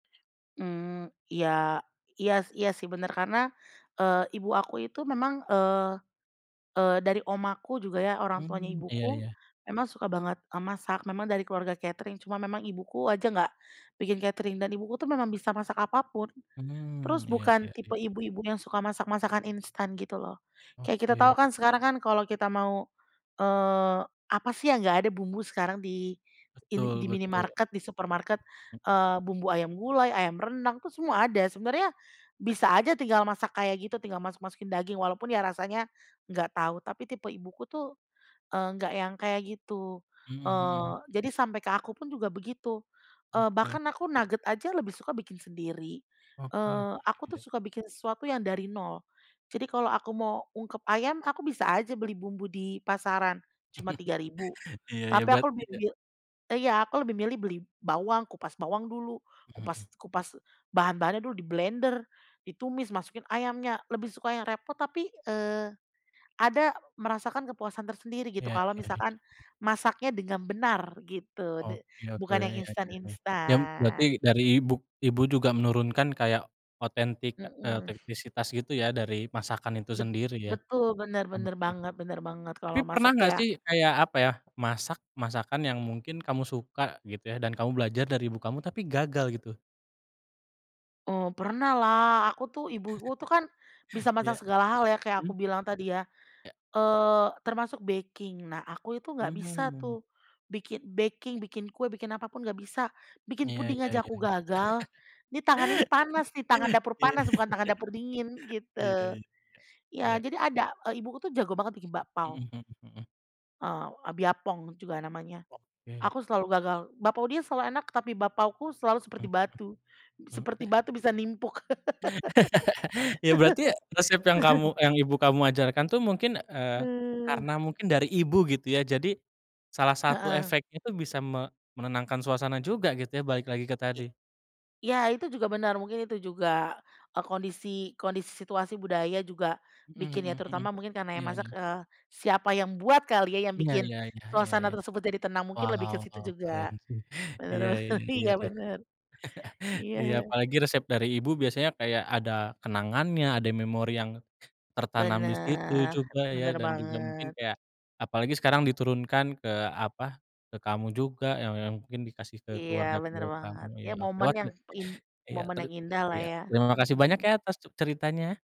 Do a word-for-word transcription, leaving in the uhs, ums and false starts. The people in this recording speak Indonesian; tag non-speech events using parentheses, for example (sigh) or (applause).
Mmm, iya iya s iya sih bener, karena, eee, ibu aku itu memang, eee eee, dari omaku juga ya, orang tuanya Hmm, iya ibuku iya. memang suka banget, eee, masak. Memang dari keluarga catering, cuma memang ibuku aja nggak bikin catering, dan ibuku tuh memang bisa masak apa pun, Hmm, terus iya bukan iya iya. tipe ibu-ibu yang suka masak, masakan instan gitu loh. Kayak kita tahu Oke. kan, sekarang kan, kalau kita mau, eee, apa sih yang nggak ada bumbu sekarang di in Betul di betul. minimarket, di supermarket, M eee, bumbu ayam gulai, ayam rendang itu semua ada. Iya. Sebenarnya bisa aja tinggal masak kayak gitu, tinggal masuk-masukin daging, walaupun ya rasanya nggak tahu. Tapi tipe ibuku tuh, eee, nggak yang kayak gitu. Mhm Eee, mhm mhm. jadi sampai ke aku pun juga begitu, eee, Oke. bahkan aku nugget aja lebih suka bikin sendiri. Oke, iya Eee, aku tuh iya. suka bikin sesuatu yang dari nol, jadi kalau aku mau ungkep ayam, aku bisa aja beli bumbu di pasaran, cuma tiga ribu, (chuckles) Iya iya, tapi bat aku lebih iya. bil iya, aku lebih milih beli bawang, kupas bawang dulu, kupas Mhm. kupas bahan-bahannya dulu, diblender, ditumis, masukin ayamnya, lebih suka yang repot, tapi, eee, ada merasakan kepuasan tersendiri gitu, Iya kalau iya iya. misalkan masaknya dengan benar gitu, de Hobi, oke, bukan yang iya iya. Ya m berarti instan-instan. dari ibu, ibu juga menurunkan kayak otentik, eee, Mhm. teknisitas gitu ya, dari masakan itu Bet sendiri ya? betul, bener bener Oke. banget bener banget. Tapi Kalau pernah masak nggak ya sih, kayak apa ya, masak, masakan yang mungkin kamu suka gitu ya, dan kamu belajar dari ibu kamu, tapi gagal gitu? Eee, pernah lah, aku tuh ibu-ibu tuh kan, (chuckles) bisa masak Iya, segala hal ya, kayak mhm. aku bilang tadi ya, Ya. eee, termasuk baking. Nah aku itu nggak bisa Mmm. tuh, bikin baking, bikin kue, bikin apa pun nggak bisa, bikin Iya puding iya aja iya aku iya. gagal. Nih, tangan ini panas nih, tangan (laughs) dapur Iya panas, iya. bukan tangan dapur dingin gitu. Iya iya Ya iya. jadi ada, eee, ibuku tuh jago banget bikin Mhm bakpau. mhm mhm. Eee, e biapong juga namanya, Oke. aku selalu gagal. Bakpau dia selalu enak, tapi bakpauku selalu seperti Mhm batu mhm. Mmm, seperti te batu, bisa nimpuk. (laughs) Ya berarti resep yang kamu (laughs) yang ibu kamu ajarkan tuh mungkin, eee, Hmm. karena mungkin dari ibu gitu ya? Jadi salah satu Heeh. efeknya tuh, bisa me menenangkan suasana juga gitu ya, balik lagi ke I tadi. ya, itu juga benar, mungkin itu juga, eee, kondisi kondisi situasi budaya juga Mhm bikin, ya mhm mhm, terutama mungkin karena yang iya masak, iya. eee, siapa yang buat kali ya, yang iya bikin iya iya iya suasana iya. tersebut jadi tenang. Mungkin lebih ke Waw situ juga. keren sih, iya Bener bener, iya iya iya, iya. bener. (chuckles) Iya Iya, ya. apalagi resep dari ibu biasanya kayak ada kenangannya, ada memori yang tertanam di situ Bener, juga ya, bener dan juga mungkin banget. kayak apalagi sekarang diturunkan ke apa, ke kamu juga yang yang mungkin dikasih ke Iya, bener keluarga-keluarga kamu, banget. iya Iya, oke. momen Wat yang le in iya, momen teri yang indah lah iya, ya, terima kasih banyak mhm. ya, atas ce ceritanya.